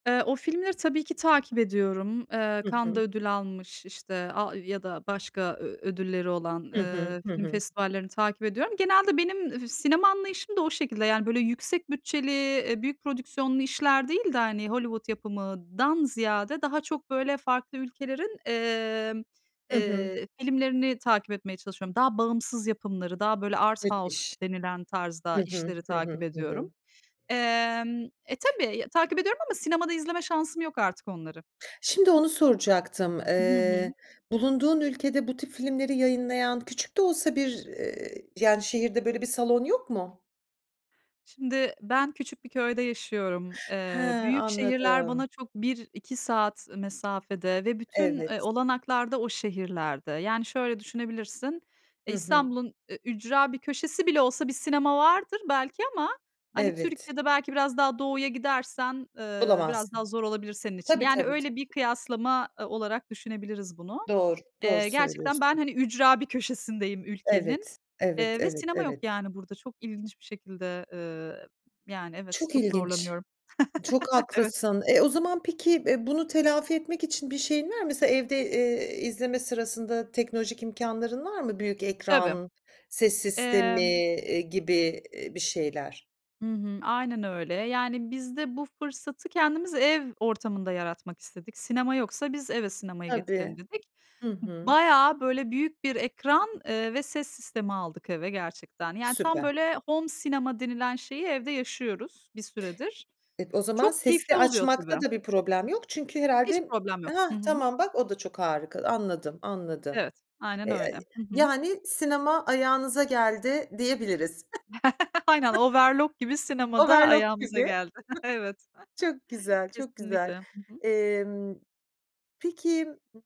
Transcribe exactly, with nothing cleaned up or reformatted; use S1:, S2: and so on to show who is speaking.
S1: Eee, o filmleri tabii ki takip ediyorum. Eee,
S2: Hı
S1: Cannes'da
S2: hı.
S1: ödül almış, işte, a ya da başka ö ödülleri olan,
S2: Hı hı.
S1: eee,
S2: Hı
S1: film
S2: hı.
S1: festivallerini takip ediyorum. Genelde benim fi sinema anlayışım da o şekilde. Yani, böyle, yüksek bütçeli, eee, büyük prodüksiyonlu işler değil de, hani, Hollywood yapımından ziyade daha çok, böyle, farklı ülkelerin, emm,
S2: Hı hı.
S1: eee, filmlerini takip etmeye çalışıyorum, daha bağımsız yapımları, daha, böyle, "Art House"
S2: Müthiş.
S1: denilen
S2: Hı
S1: tarzda
S2: hı,
S1: işleri
S2: hı
S1: takip
S2: hı, hı hı.
S1: ediyorum, emm E, tabii, takip ediyorum ama sinemada izleme şansım yok artık onları.
S2: Şimdi onu soracaktım.
S1: Hı
S2: Eee,
S1: hı.
S2: bulunduğun ülkede bu tip filmleri yayınlayan küçük de olsa bir, eee, yani, şehirde böyle bir salon yok mu?
S1: Şimdi ben küçük bir köyde yaşıyorum.
S2: He,
S1: Eee, büyük şehirler
S2: anladım.
S1: bana çok, bir iki saat mesafede ve bütün, eee,
S2: Evet.
S1: olanaklarda o şehirlerde. Yani, şöyle, düşünebilirsin, eee,
S2: Hı hı.
S1: İstanbul'un ü ücra bir köşesi bile olsa bir sinema vardır belki ama, hani,
S2: Evet.
S1: Türkiye'de belki biraz daha doğuya gidersen, eee, biraz
S2: Bulamazsın.
S1: daha zor olabilir senin için.
S2: Tabii,
S1: Yani,
S2: tabii, tabii,
S1: öyle, bir
S2: tabii.
S1: kıyaslama, eee, olarak düşünebiliriz bunu.
S2: Doğru, doğru
S1: Eee, gerçekten ben,
S2: söylüyorsun.
S1: hani, ücra bir köşesindeyim ülkenin,
S2: Evet, evet,
S1: eee, ve
S2: evet,
S1: sinema yok,
S2: evet.
S1: yani, burada çok ilginç bir şekilde, eee, yani, evet,
S2: Çok
S1: çok
S2: ilginç!
S1: zorlanıyorum.
S2: Çok
S1: Evet.
S2: haklısın. E, o zaman peki, eee, bunu telafi etmek için bir şeyin var mı? Mesela evde, eee, izleme sırasında teknolojik imkânların var mı? Büyük
S1: Tabii.
S2: ekran, ses sistemi,
S1: Emm
S2: eee, gibi, eee, bir şeyler.
S1: Hı hı. Aynen öyle. Yani, biz de bu fırsatı kendimiz ev ortamında yaratmak istedik. Sinema yoksa biz eve sinemayı getirelim
S2: Tabii.
S1: dedik.
S2: Hı hı.
S1: Bayağı, böyle, büyük bir ekran, eee, ve ses sistemi aldık eve gerçekten. Yani, tam,
S2: Süper!
S1: böyle, "home sinema" denilen şeyi evde yaşıyoruz bir süredir.
S2: Eee, o zaman
S1: Çok
S2: sesi
S1: keyifli
S2: de
S1: oluyor
S2: açmakta
S1: tabii.
S2: da bir problem yok çünkü
S1: Hiç
S2: herhâlde
S1: problem yok.
S2: Hah,
S1: Hı hı.
S2: tamam bak o da çok harika. Anladım, anladım.
S1: Evet. Aynen
S2: Eee,
S1: öyle. Hı hı.
S2: yani, sinema ayağınıza geldi diyebiliriz.
S1: Aynen, overlok gibi sinemada
S2: Overlok
S1: ayağımıza
S2: gibi.
S1: geldi. Evet.
S2: Çok güzel, çok güzel.
S1: Kesinlikle. Hı hı.
S2: Emm, peki